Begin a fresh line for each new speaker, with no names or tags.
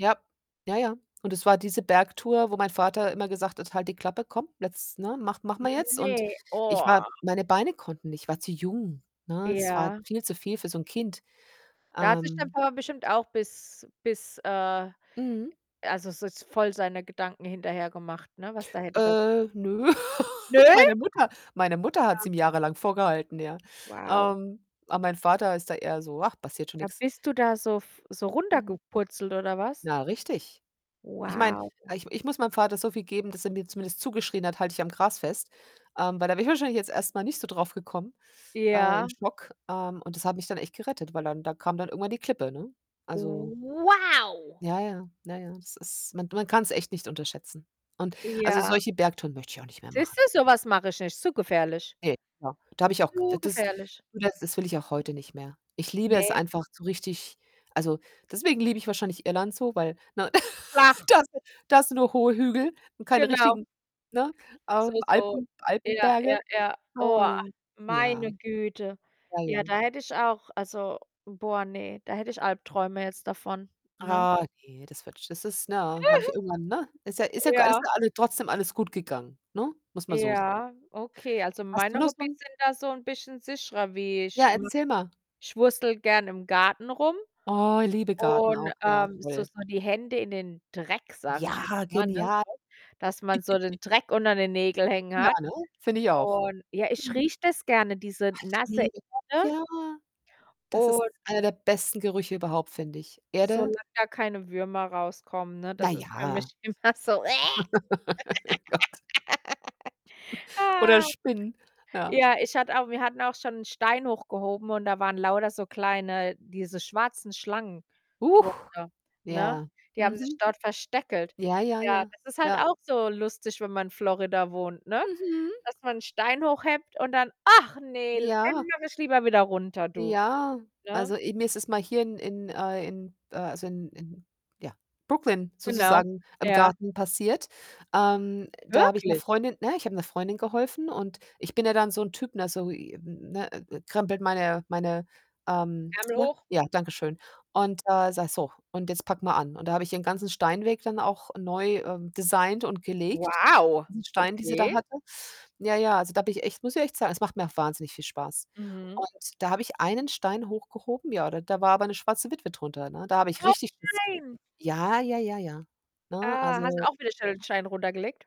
Ja. Ja, ja, und es war diese Bergtour, wo mein Vater immer gesagt hat: „Halt die Klappe, komm, jetzt, ne, mach machen wir jetzt.“ Und
Ne,
ich
oh.
war meine Beine konnten nicht, ich war zu jung, ne? Es war
Ja.
viel zu viel für so 'n Kind.
Da hat sich dein
Ähm
Papa bestimmt auch bis bis, äh
Mhm.
also, so voll seine Gedanken hinterher gemacht, ne, was da hätte passieren
Äh, nö.
Nö?
Meine Mutter meine Mutter hat's
Ja.
ihm jahrelang vorgehalten, ja.
Wow.
Ähm, aber mein Vater ist da eher so: „Ach, passiert schon
Da
nix."
bist du da so f so
Mhm.
runtergepurzelt oder was?
Na, richtig. Ich meine,
Wow.
ich ich muss meinem Vater so viel geben, dass er mir zumindest zugeschrien hat: „Halt dich am Gras fest.“ Ähm, weil da wäre ich wahrscheinlich jetzt erst mal nicht so drauf gekommen, äh, im
Ja.
Schock. Ähm, und das hat mich dann echt gerettet, weil dann da kam dann irgendwann die Klippe, ne? Also
Wow!
Ja, ja. Na ja, das ist man man kann's echt nicht unterschätzen. Und also,
Ja.
solche Bergtouren möchte ich auch nicht mehr
Siehst
machen.
du, so was mache ich nicht. Zu gefährlich.
Ne. [unintelligible] Da habe ich auch k
Zu
das
gefährlich.
du das das will ich auch heute nicht mehr. Ich liebe es
Ne.
einfach so richtig also, deswegen liebe ich wahrscheinlich Irland so, weil, ne,
Flach.
da [unintelligible] da hast du nur hohe Hügel und keine
Genau.
richtigen ne, ähm,
So, so.
Alpen
Ja,
Alpenberge.
ja, ja. Oah,
Ähm, ja.
meine Güte.
Ja, ja.
Ja, da hätte ich auch also, boah, ne, da hätte ich Albträume jetzt davon, ne?
Ah, ne, das wird sch das ist ne eh habe ich irgendwann, ne? Ist ja ist ja g alles
Ja.
alles trotzdem alles gut gegangen, ne? Muss man so sehen.
Ja, okay. Also,
Hast du
meine
noch so
Hobbys
'n
sind da so 'n bisschen sicherer wie
Ja,
[unintelligible]
erzähl mal.
ich wurstele gern im Garten rum
Oh, liebe Garten
und,
auch, ja
ähm so
toll.
so die Hände in den Dreck, sage ich
Ja,
jetzt mal, ne?
genial.
So, dass man so den Dreck unter den Nägeln hängen
Ja,
hat
ne? Finde ich auch.
und ja, ich
Mhm.
rieche das gerne, diese
[unintelligible]
nasse
Ne, [unintelligible]
Erde.
Ja, das ist
Und
einer der besten Gerüche überhaupt, find ich. Erde
solange da keine Würmer rauskommen, ne?
Na
Das ist für
ja.
mich immer so: Wäh.
Gott. Oder Spinnen, ja.
Ja, ich hatte auch wir hatten auch schon 'n Stein hochgehoben und da waren lauter so kleine diese schwarzen Schlangen
Huch,
drunter, ne?
ja.
Die haben sich
Mhm.
dort versteckelt.
Ja, ja,
Ja,
ja.
das ist halt
Ja.
auch so lustig, wenn man in Florida wohnt, ne,
Mhm.
dass man 'n Stein hochhebt und dann: „Ach ne, l
Ja.
den mache ich lieber wieder runter, du.“
Ja,
Ne?
also, i mir ist es mal hier in in äh, in äh, also in in, ja, Brooklyn
Genau,
sozusagen im
ja.
Garten passiert. Ähm, da habe ich 'ner
Wirklich?
Freundin ne, ich habe 'ner Freundin geholfen, und ich bin ja dann so 'n Typ, ne, so, i hm, ne, krempelt meine meine ähm,
Ärmel
ne,
hoch.
ja, danke schön und, äh, sage: „So und jetzt packen wir an.“ Und da habe ihren ganzen Steinweg dann auch neu, ähm, designt und gelegt, die
Wow,
ganzen Steine, die sie da
okay.
hatte. Ja, ja, also da habe ich echt muss ich echt sagen, es macht mir auch wahnsinnig viel Spaß
Mhm.
und da habe ich einen Stein hochgehoben ja, da war aber 'ne schwarze Witwe drunter, ne? Da habe ich
Oh,
richtig Schiss g
nein.
Ja, ja, ja, ja, ne?
Ah, hast du
Also
auch wieder schnell den Stein runtergelegt?